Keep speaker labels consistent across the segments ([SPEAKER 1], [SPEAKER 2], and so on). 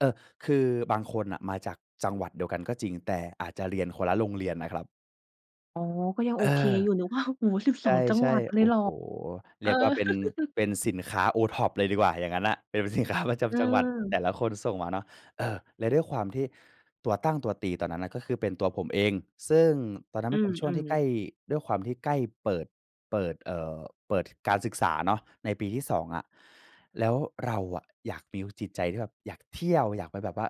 [SPEAKER 1] เออ คือบางคนน่ะมาจากจังหวัดเดียวกันก็จริง แต่อาจจะเรียนคนละโรงเรียนนะครับ
[SPEAKER 2] อ๋อ ก็ยังโ
[SPEAKER 1] เ
[SPEAKER 2] อ
[SPEAKER 1] อ
[SPEAKER 2] เค
[SPEAKER 1] อ
[SPEAKER 2] อยู่ นึกว่า โอ้โฮ สิบ
[SPEAKER 1] ใ
[SPEAKER 2] สอง จัง
[SPEAKER 1] ช
[SPEAKER 2] ห
[SPEAKER 1] ่
[SPEAKER 2] วัดเ
[SPEAKER 1] ๆ
[SPEAKER 2] ล
[SPEAKER 1] โอ
[SPEAKER 2] ยเ
[SPEAKER 1] ้
[SPEAKER 2] หร
[SPEAKER 1] โ
[SPEAKER 2] อ?
[SPEAKER 1] ฮ
[SPEAKER 2] เ
[SPEAKER 1] เ
[SPEAKER 2] อ
[SPEAKER 1] รี
[SPEAKER 2] อ
[SPEAKER 1] ยกว่าเป็น เป็นสินค้า OTOP เลยดีกว่าอย่างงั้นน่ะ เป็น เป็นสินค้า ประจำจังหวัด แต
[SPEAKER 2] เออ
[SPEAKER 1] ่ละคนส่งมาเนาะ เออ แล้วด้วยความที่ตัวตั้งตัวตีตอนนั้นก็คือเป็นตัวผมเอง ซึ่งตอนนั้น
[SPEAKER 2] อื
[SPEAKER 1] มันเป็นช่วงที
[SPEAKER 2] ม
[SPEAKER 1] ่ใกล
[SPEAKER 2] ๆ
[SPEAKER 1] ้ ด้วยความที่ใกล้เปิด เปิด เอ่อ เปิดการศึกษาเนาะ ในปีที่ 2 อะ แล้วเราอะอยากมีจิตใจที่แบบอยากเที่ยวอยากไปแบบว่า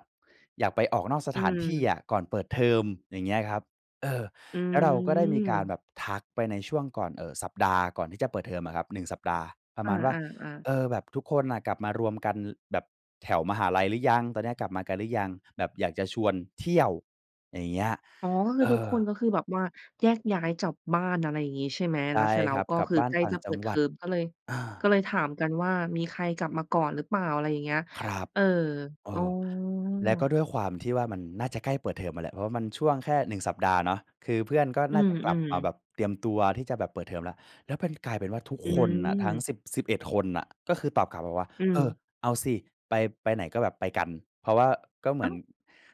[SPEAKER 1] อยากไปออกนอกส
[SPEAKER 2] อื
[SPEAKER 1] ถานที่
[SPEAKER 2] ม
[SPEAKER 1] อะก่อนเปิดเทอมอย่างเงี้ยครับ เออ
[SPEAKER 2] อื
[SPEAKER 1] แล้วเราก็ได้มีการแ
[SPEAKER 2] ม
[SPEAKER 1] บบทักไปในช่วงก่อน เอ่อ สัปดาห์ก่อนที่จะเปิดเทอมอะครับ 1 สัปดาห์ ประ
[SPEAKER 2] อ
[SPEAKER 1] มาณว่า
[SPEAKER 2] า ๆ ๆ
[SPEAKER 1] เออ แบบ "ทุกคนน่ะกลับมารวมกันแบบแถวมหาลัยหรือยัง? ตอนนี้กลับมากันหรือยัง? แบบอยากจะชวนเที่ยว" อย่างเงี้ย
[SPEAKER 2] อ๋อ ก็ค
[SPEAKER 1] เ
[SPEAKER 2] ื
[SPEAKER 1] อ
[SPEAKER 2] อทุก
[SPEAKER 1] อ
[SPEAKER 2] คนก็คือแบบว่า แยกย้ายจับบ้าน อะไรอย่างงี้ใช่ไหม?
[SPEAKER 1] ใ
[SPEAKER 2] แ
[SPEAKER 1] ช
[SPEAKER 2] ล้ว
[SPEAKER 1] ่
[SPEAKER 2] เสร็จแล้
[SPEAKER 1] ค
[SPEAKER 2] ว
[SPEAKER 1] รับ
[SPEAKER 2] ก็
[SPEAKER 1] กลับ
[SPEAKER 2] คือ
[SPEAKER 1] บ้า
[SPEAKER 2] ใ
[SPEAKER 1] น
[SPEAKER 2] กล้
[SPEAKER 1] ต่า
[SPEAKER 2] จ
[SPEAKER 1] ง
[SPEAKER 2] ะเป
[SPEAKER 1] จ
[SPEAKER 2] ิ
[SPEAKER 1] ัง
[SPEAKER 2] ดเท
[SPEAKER 1] หว
[SPEAKER 2] อ
[SPEAKER 1] ัด
[SPEAKER 2] มก็เลย
[SPEAKER 1] อ
[SPEAKER 2] ก็
[SPEAKER 1] า
[SPEAKER 2] เลยถามกันว่า "มีใครกลับมาก่อนหรือเปล่า?" อะไรอย่างเงี้ย
[SPEAKER 1] ครับ
[SPEAKER 2] เออ
[SPEAKER 1] เอ
[SPEAKER 2] อ๋อ
[SPEAKER 1] อ แล้วก็ด้วยความที่ว่า มันน่าจะใกล้เปิดเทอมอะแหละ เพราะมันช่วงแค่ 1 สัปดาห์เนาะ คือเพื่อนก็
[SPEAKER 2] อื
[SPEAKER 1] น่าจะกลับ
[SPEAKER 2] ม
[SPEAKER 1] มาแบ
[SPEAKER 2] ๆ
[SPEAKER 1] บเตรียมตัวที่จะแบบเปิดเทอมแล้ว แล้วเป็น กลายเป็นว่า ทุก
[SPEAKER 2] อื
[SPEAKER 1] คนน่ะทั้ง
[SPEAKER 2] ม
[SPEAKER 1] 10-11 คนน่ะก็คือตอบกลับมาว่า
[SPEAKER 2] อื
[SPEAKER 1] "เออ
[SPEAKER 2] ม
[SPEAKER 1] เอาสิ ไป ไปไหนก็แบบไปกัน" เพราะว่าก็เหม
[SPEAKER 2] อ
[SPEAKER 1] ื
[SPEAKER 2] ้
[SPEAKER 1] อ
[SPEAKER 2] า
[SPEAKER 1] น
[SPEAKER 2] ว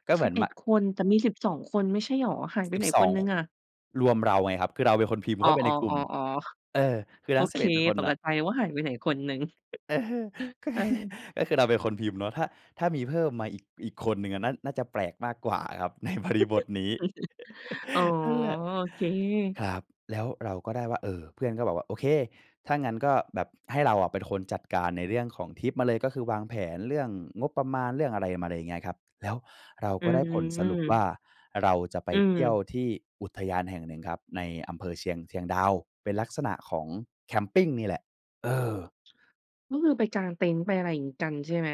[SPEAKER 1] ก็เห
[SPEAKER 2] ส
[SPEAKER 1] ม
[SPEAKER 2] ิ
[SPEAKER 1] ื
[SPEAKER 2] บ
[SPEAKER 1] อน
[SPEAKER 2] เอ
[SPEAKER 1] ม
[SPEAKER 2] ็ด
[SPEAKER 1] ะ
[SPEAKER 2] คน แต่มี 12 คนไม่ใช่เหรอ? หายไป
[SPEAKER 1] สิ
[SPEAKER 2] ไห
[SPEAKER 1] บ
[SPEAKER 2] นอี
[SPEAKER 1] ส
[SPEAKER 2] กค
[SPEAKER 1] อ
[SPEAKER 2] น
[SPEAKER 1] ง
[SPEAKER 2] หนึ
[SPEAKER 1] ค
[SPEAKER 2] ่งอะ?
[SPEAKER 1] รวมเราไงครับ คือเราเป็นคนพิมพ์
[SPEAKER 2] อ
[SPEAKER 1] เ
[SPEAKER 2] ๋
[SPEAKER 1] ข้
[SPEAKER 2] อ
[SPEAKER 1] าไปในกลุ่ม
[SPEAKER 2] ๆ ๆ
[SPEAKER 1] เออ คือ
[SPEAKER 2] ๆ โอ
[SPEAKER 1] ทั้ง ส
[SPEAKER 2] เ
[SPEAKER 1] ิ
[SPEAKER 2] ค
[SPEAKER 1] บเอ็ด น่ะค
[SPEAKER 2] ต
[SPEAKER 1] น
[SPEAKER 2] ก
[SPEAKER 1] น
[SPEAKER 2] ก
[SPEAKER 1] ่ะ
[SPEAKER 2] ะใจว่าหายไปไหนคนหนึ่ง
[SPEAKER 1] เออ ก็
[SPEAKER 2] เอ
[SPEAKER 1] ค
[SPEAKER 2] อ
[SPEAKER 1] ือ ก็คือเราเป็นคนพิมพ์เนาะ ถ้า ถ้ามีเพิ่มมาอีก อีกคนหนึ่งน่า น่าจะแปลกมากกว่าครับ ในบริบทนี้
[SPEAKER 2] อ๋อ
[SPEAKER 1] นั่นแหละ
[SPEAKER 2] โอเค
[SPEAKER 1] ครับ แล้วเราก็ได้ว่า เออ เพื่อนก็บอกว่า "โอเค" ถ้างั้นก็แบบให้เราเป็นคนจัดการในเรื่องของทริปมาเลย ก็คือวางแผนเรื่องงบประมาณเรื่องอะไรมาเลย อย่างเงี้ยครับ แล้วเรา
[SPEAKER 2] อื
[SPEAKER 1] ก็ได้ผลสรุปว่
[SPEAKER 2] ม
[SPEAKER 1] า เราจะไป
[SPEAKER 2] อื
[SPEAKER 1] เที่ยว
[SPEAKER 2] ม
[SPEAKER 1] ที่อุทยานแห่งหนึ่งครับในอำเภอเชียง เชียงดาวเป็นลักษณะของแคมปิงนี่แหละ เออ
[SPEAKER 2] ก็คือไปกางเต็นท์ไปอะไรอย่างงี้กันใช่ไหม?